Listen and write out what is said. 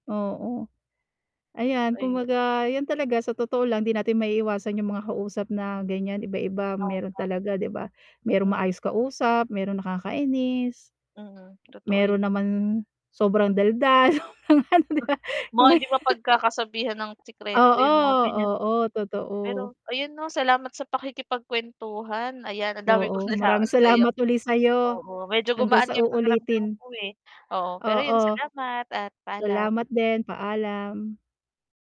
Oo. Ayan Ayu kumbaga yan talaga sa totoo lang 'di natin maiiwasan yung mga kausap na ganyan iba-iba meron Tama. talaga 'di ba? Meron Mm. maayos kausap, meron nakakainis. Mm, totoo yu Meron naman sobrang daldal 'di Ah, ba? baka hindi mapag-kakasabihan ng sikreto yung mga Oo, ganyan. oo, totoo. Pero ayun 'no, salamat sa pakikipag-kwentuhan ayan ang dami Oo, kong maraming nalaman sayo salamat uli sa 'yo. oo medyo Hanggang gumaan sa nga yung pakiramdam uulitin. ko eh, oo pero yun Oo. salamat at palaam. Salamat din, paalam.